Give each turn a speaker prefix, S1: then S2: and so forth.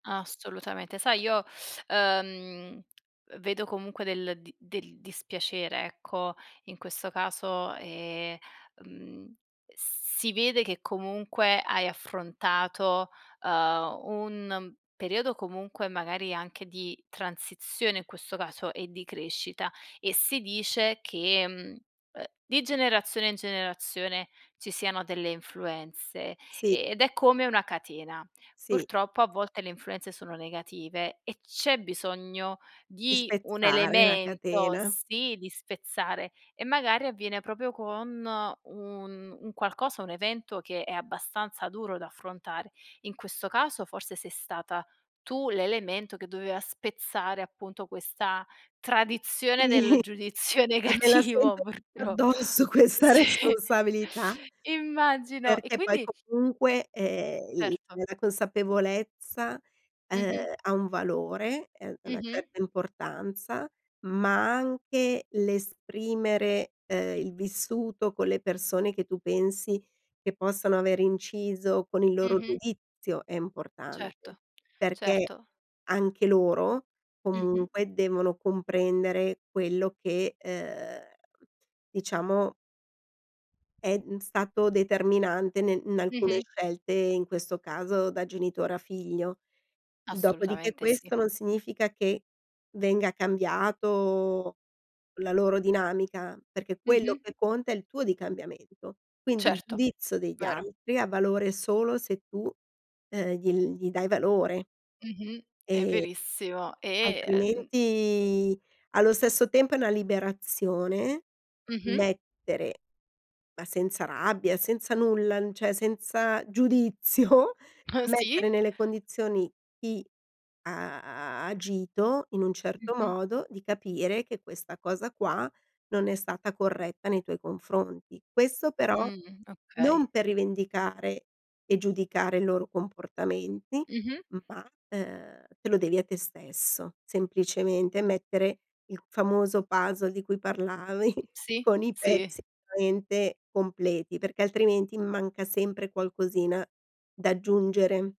S1: Assolutamente, sai, io, uhm, vedo comunque del di del dispiacere, ecco, in questo caso, ehm, mhmm, si vede che comunque hai affrontato, uhm, un periodo comunque magari anche di transizione in questo caso e di crescita, e si dice che, mhmm, uhm, di generazione in generazione ci siano delle influenze
S2: Sì.
S1: ed è come una catena.
S2: Sì.
S1: Purtroppo a volte le influenze sono negative, e c'è bisogno
S2: Di
S1: di un
S2: spezzare la
S1: elemento,
S2: catena.
S1: sì, di spezzare, e magari avviene proprio con un un qualcosa, un evento che è abbastanza duro da affrontare. In questo caso forse sei stata tu l'elemento che doveva spezzare appunto questa tradizione
S2: Sì,
S1: del giudizio
S2: e me la
S1: negativo
S2: sento tutta
S1: purtroppo.
S2: addosso questa
S1: Si,
S2: responsabilità.
S1: immagino, e
S2: Perché poi
S1: quindi
S2: comunque, ehm, il
S1: Certo.
S2: la consapevolezza, uhm,
S1: Mh-mh.
S2: ha un valore, ehm, una
S1: Mh-mh.
S2: certa importanza, ma anche l'esprimere, uhm, il vissuto con le persone che tu pensi che possano aver inciso con il loro
S1: Mh-mh.
S2: giudizio è importante,
S1: Certo,
S2: perché
S1: certo.
S2: anche loro
S1: Mh-mh.
S2: comunque devono comprendere quello che, uhm, diciamo è, mhmm, stato determinante nel in alcune
S1: Mh-mh.
S2: scelte, in questo caso da genitore a figlio. Dopodiché
S1: Assolutamente sì.
S2: questo non significa che venga cambiato la loro dinamica, perché quello
S1: Mh-mh.
S2: che conta è il tuo di cambiamento. Quindi il
S1: Certo,
S2: giudizio degli
S1: vero.
S2: altri ha valore solo se tu, uhm, gli gli dai valore.
S1: Mh-mh. È
S2: E
S1: verissimo e, uhm
S2: altrimenti allo stesso tempo è una liberazione
S1: Mh-mh.
S2: mettere, ma senza rabbia, senza nulla, n cioè senza giudizio,
S1: Uh, sì.
S2: mettere nelle condizioni chi ha agito in un certo
S1: Mh-mh.
S2: modo, di capire che questa cosa qua non è stata corretta nei tuoi confronti. Questo però
S1: Mh, okay.
S2: non per rivendicare e giudicare i loro comportamenti,
S1: Mh-mh.
S2: ma, uhm, te lo devi a te stesso. Semplicemente mettere il famoso puzzle di cui parlavi
S1: Sì,
S2: con i
S1: sì.
S2: pezzi [unintelligible] completi, perché altrimenti manca sempre qualcosina da aggiungere.